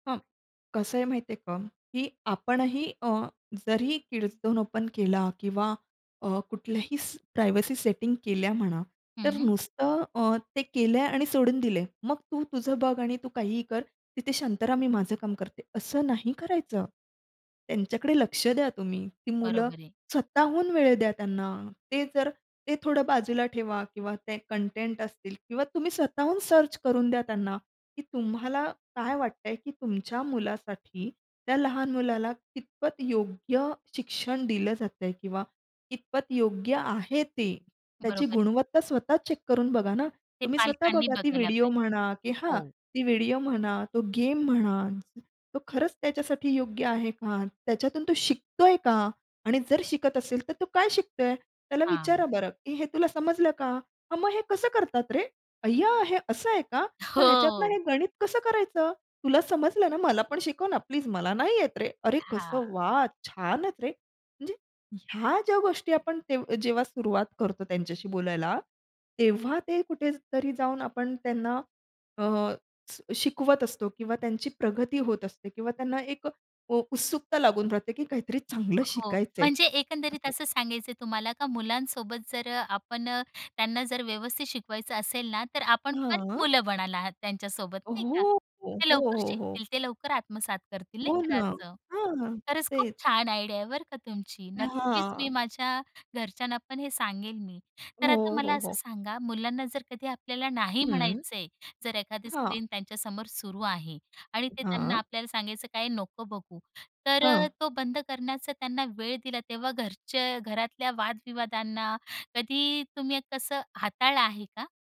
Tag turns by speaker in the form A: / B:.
A: हां. कसं आहे माहिती आहे का? की आपणही अ, जरी किड्स झोन ओपन केला किंवा अ, कुठल्याही प्रायव्हसी सेटिंग केल्या म्हणा,
B: हं,
A: तर
B: हं.
A: नुसतं अ, ते केलंय आणि सोडून दिले. मग तू तुझं बघ आणि तू काहीही कर तिथे शांत राह मी माझं काम करते असं नाही करायचं. त्यांच्याकडे लक्ष द्या तुम्ही. ती मुलं
B: बरोबर आहे.
A: स्वतःहून वेळ द्या त्यांना. ते जर ते थोडं बाजूला ठेवा किंवा ते कंटेंट असतील किंवा तुम्ही स्वतःहून सर्च करून द्या त्यांना, की तुम्हाला काय वाटतंय की तुमच्या मुलासाठी त्या लहान मुलाला कितपत योग्य शिक्षण दिलं जातंय किंवा कितपत योग्य आहे ते त्याची
B: बरोबर आहे.
A: गुणवत्ता स्वतः चेक करून बघा ना.
B: ते
A: तुम्ही स्वतः
B: पालकांनी
A: बघा ती
B: बघायला
A: व्हिडिओ
B: पाहिजे.
A: म्हणा, की हां,
B: हो.
A: ती व्हिडिओ म्हणा, तो गेम म्हणा, तो खरंच त्याच्यासाठी योग्य आहे का? त्याच्यातून तो शिकतोय का? आणि जर शिकत असेल तर तो काय शिकतोय? त्याला
B: हां.
A: विचारा बरं, "हे तुला समजलं का?" "हां, मग हे कसं करतात रे? अय्या हे असं आहे का? मग ह्याच्यातनं
B: हो.
A: हे गणित कसं करायचं? तुला समजलं ना मला पण शिकव ना प्लीज मला नाही येत रे." "अरे कसं
B: हां.
A: वाह! छानच रे." म्हणजे ह्या ज्या गोष्टी आपण, ते जेव्हा सुरुवात करतो त्यांच्याशी बोलायला, तेव्हा ते कुठेतरी जाऊन आपण त्यांना अ, श शिकवत असतो किंवा त्यांची प्रगती होत असते. किंवा त्यांना एक अ, उत्सुकता लागून राहते की काहीतरी चांगलं
B: हो.
A: शिकायचंय,
B: म्हणजे एकंदरीत
A: असं.
B: असं सांगायचंय तुम्हाला का मुलांसोबत जर अ, आपण त्यांना जर व्यवस्थित शिकवायचं असेल ना, तर आपण पण
A: हां.
B: मुलं बनला आहात त्यांच्यासोबत
A: हो,
B: नाही का?
A: हो,
B: ते
A: हो,
B: लवकर
A: हो, हो.
B: शिकतील, ते लवकर आत्मसात करतील नाही
A: हो
B: का
A: ना,
B: असं.
A: हां,
B: खरंच खूप
A: तेच.
B: छान आयडिया आहे बरं का तुमची. नक्कीच मी
A: हां.
B: माझ्या घरच्यांना पण हे सांगेल मी, तर आता
A: हो,
B: मला
A: हो,
B: असं
A: हो.
B: सांगा मुलांना जर कधी आपल्याला नाही
A: हं.
B: म्हणायच आहे जर एखादी
A: हां.
B: स्क्रीन त्यांच्यासमोर सुरू आहे आणि ते त्यांना
A: हां.
B: आपल्याला सांगायचं, काय नको बघू तर अ,
A: हां.
B: तो बंद करण्याचा त्यांना वेळ दिला तेव्हा घरच्या घरातल्या वाद विवादांना, कधी तुम्ही कसं हाताळलं आहे का?